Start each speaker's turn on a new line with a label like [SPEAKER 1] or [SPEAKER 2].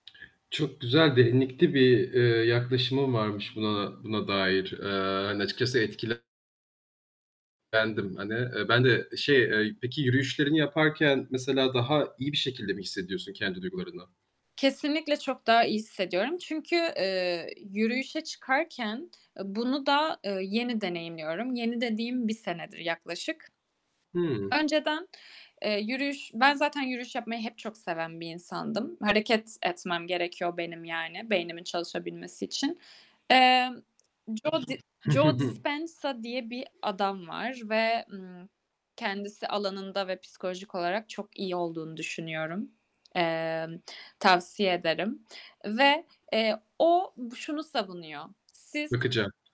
[SPEAKER 1] Çok güzel, derinlikli bir, eee, yaklaşımın varmış buna buna dair. Eee, hani açıkçası etkilen lendim hani. Eee, bende şey, eee, peki yürüyüşlerini yaparken mesela daha iyi bir şekilde mi hissediyorsun kendi duygularınla?
[SPEAKER 2] Kesinlikle çok daha iyi hissediyorum. Çünkü, eee, yürüyüşe çıkarken, eee, bunu da, eee, yeni deneyimliyorum. Yeni dediğim 1 senedir yaklaşık.
[SPEAKER 1] Hıı.
[SPEAKER 2] Önceden, eee, yürüyüş Ben zaten yürüyüş yapmayı hep çok seven bir insandım. Hareket etmem gerekiyor benim yani beynimin çalışabilmesi için. Emm, Joe Di
[SPEAKER 1] Hı hı.
[SPEAKER 2] "Joe
[SPEAKER 1] Hı.
[SPEAKER 2] Dispenza" diye bir adam var ve, ımm, kendisi alanında ve psikolojik olarak çok iyi olduğunu düşünüyorum. Emm, tavsiye ederim ve, eee, o şunu savunuyor: Siz
[SPEAKER 1] Bakacağım.